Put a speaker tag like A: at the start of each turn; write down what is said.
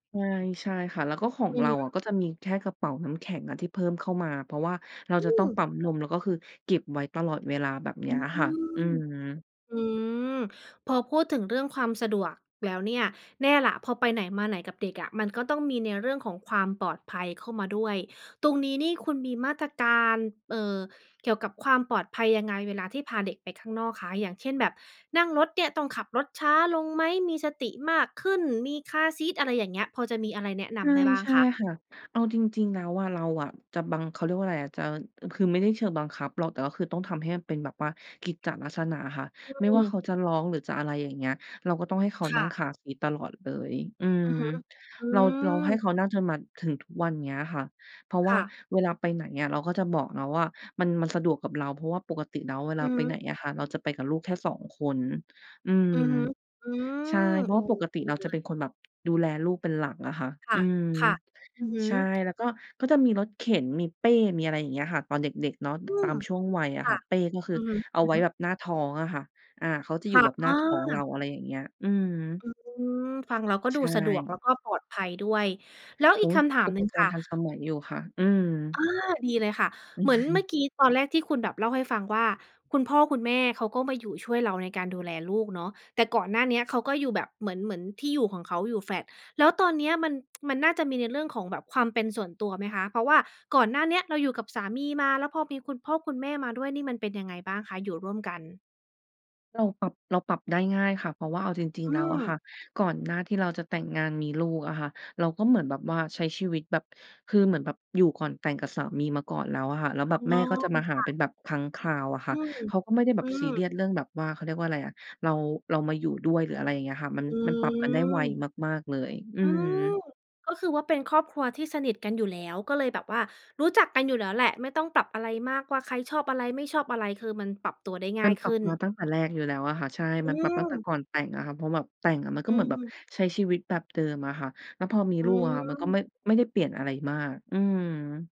A: ใช่ ใช่ค่ะ แล้วก็ของ
B: อื
A: เ
B: อ
A: ร
B: ฮ
A: าอะ
B: ึ
A: ก็จะมีแค่กระเป๋าน้ำแข็งอะที่เพิ่มเข้ามา เพราะว่าเรา
B: อื
A: จะต้องป
B: ม
A: ั๊มนมแล้วก็คือเก็บไว้ตลอดเวลา แบบเน
B: อ
A: ี้
B: ื
A: ย
B: ม
A: ค่ะ อืม
B: อืม พอพูดถึงเรื่องความสะดวกแล้วเนี่ย แน่แหละ พอไปไหนมาไหนกับเด็กอะ มันก็ต้องมีในเรื่องของความปลอดภัยเข้ามาด้วย ตรงนี้นี่คุณมีมาตรการ เอ่อ เกี่ยวกับความปลอดภัยยังไงเวลาที่พาเด็กไปข้างนอกคะ อย่างเช่นแบบนั่งรถเนี่ยต้องขับรถช้าลงไหม มีสติมากขึ้น มีคาร์ซีต อะไรอย่างเงี้ย พอจะมีอะไรแนะน
A: ใช่
B: ำได้บ้า
A: ใ
B: ง
A: ช่
B: คะ?
A: ค่ะ เอาจริง ๆ แล้วอะ เราอะจะบัง เขาเรียกว่าอะไรอะจะ คือไม่ได้เชิงบังคับหรอก แต่ก็คือต้องทำให้มันเป็นแบบว่ากิจจะลักษณะค่ะ
B: อื
A: ไม่ว่าเขา
B: ม
A: จะร้อง หรือจะอะไร อย่างเงี้ย เราก็ต้องให้เขา
B: ค
A: น
B: ่
A: ั่ง
B: ะ
A: คาร์ซีตตลอดเลย อืม
B: อือฮึ อื
A: เรา เราให
B: ม
A: ้เขานั่งจนมาถึงทุกวันเนี้ยค่ะ เพราะว
B: ค
A: ่า
B: ่ะ
A: เวลาไปไหนอะเราก็จะบอกนะว่า มัน มันสะดวกกับเรา เพราะว่า ปกติแล้วเวล
B: อ
A: า
B: ือ
A: ไ
B: ฮ
A: ปไห
B: ึ
A: นอะค่ะเราจะไปกับลูกแค่ 2 คน อืม
B: อือฮึ อื
A: ใช่
B: ม
A: เพร
B: โ
A: า
B: อ
A: ะ
B: ้
A: ว่า
B: โ
A: ป
B: ฮ
A: กต
B: ด
A: ิ
B: ี
A: เรา
B: เล
A: จะเป็
B: ย
A: นคนแบบ ดูแลลูกเป็นหลักอะค่ะ
B: ค
A: อืม
B: ่ะ ๆ อือฮึ
A: ใช่ แล้วก็ ก็จะมีรถเข็น มีเป้ มีอะไรอย่างเงี้ยค่ะ ตอนเด็ก ๆ เนาะ
B: อื
A: ตา
B: ม
A: มช่วงวัยอะ
B: ค่
A: ค่
B: ะ
A: ะ เป้ก็คื
B: อ
A: อ
B: ือฮ
A: เอาไว้
B: ึ ๆ
A: แบบหน้าท้องอะค่ะ อา เขาจะ
B: ค
A: อยู
B: ่
A: ่
B: ะ
A: แบบ
B: อ
A: หน้าท้องเรา
B: า
A: อะไรอย่างเงี้ย อืม
B: อืม ฟังแล้วก็
A: ใ
B: ด
A: ช
B: ูสะดวก
A: ่
B: แล้วก็ปลอดภัยด้วย แล้ว
A: โ
B: อ
A: อ
B: ีก
A: ้โฮ
B: คำถาม
A: อุ
B: หน
A: ป
B: ึ่ง
A: ก
B: ค
A: รณ
B: ่ะ
A: ์ทันสมัยอยู่ค่ะ อืม
B: อา ดีเลยค่ะ เหมือนเมื่อกี้ตอนแรกที่คุณแบบเล่าให้ฟังว่า คุณพ่อคุณแม่เขาก็มาอยู่ช่วยเราในการดูแลลูกเนาะ แต่ก่อนหน้าเนี้ยเขาก็อยู่แบบเหมือน เหมือนที่อยู่ของเขาอยู่แฟลต แล้วตอนเนี้ยมัน มันน่าจะมีในเรื่องของแบบความเป็นส่วนตัวไหมคะ เพราะว่าก่อนหน้าเนี้ยเราอยู่กับสามีมา แล้วพอมีคุณพ่อคุณแม่มาด้วยนี่มันเป็นยังไงบ้างคะ อยู่ร่วมกัน?
A: เราปรับ เราปรับได้ง่ายค่ะ เพราะว่าเอาจริ
B: อ
A: ง
B: ื
A: ๆ แล้วอะค
B: ม
A: ่ะ ก่อนหน้าที่เราจะแต่งงานมีลูกอะค่ะ เราก็เหมือนแบบว่าใช้ชีวิตแบบ คือเหมือนแบบอยู่ก่อนแต่งกับสามีมาก่อนแล้วอะค่ะ แล้ว
B: อ๋
A: แบ
B: อ
A: บแม่ก็จะมาหา
B: ค่
A: เป็
B: ะ
A: นแบบครั้งคราวอะค
B: อ
A: ่ะ
B: ืม
A: เขาก็ไม่ได้แบ
B: อื
A: บซีเรี
B: ม
A: ยส เรื่องแบบว่า เขาเรียกว่าอะไรอะ เรา เรามาอยู่ด้วย หรืออะไรอย่างเงี้ยอะค่ะ มัน
B: อ
A: มันปรับกันได้ไว
B: ืม
A: มาก ๆ เลย อื
B: อื
A: ม
B: อ ก็คือว่าเป็นครอบครัวที่สนิทกันอยู่แล้ว ก็เลยแบบว่ารู้จักกันอยู่แล้วแหละ ไม่ต้องปรับอะไรมากว่าใครชอบอะไร ไม่ชอบอะไร คือมันปรับตัวได้ง
A: ม
B: ่
A: ั
B: า
A: น
B: ย
A: ป
B: ข
A: รับ
B: ึ้
A: มา
B: น
A: ตั้งแต่แรกอยู่แล้วอะค่ะ ใช่
B: อ
A: มันปรับตั้งแต่
B: ืม
A: ก่อนแต่งอะค่ะ เพราะแบบแต่งอะมันก
B: อ
A: ็
B: ื
A: เหมือนแบบ
B: ม
A: ใช้ชีวิตแบบเดิมอะค่ะ แล้วพอมี
B: อื
A: ลูกอะค่ะ มันก็
B: ม
A: ไม่ ไม่ได้เปลี่ยนอะไรมาก อืม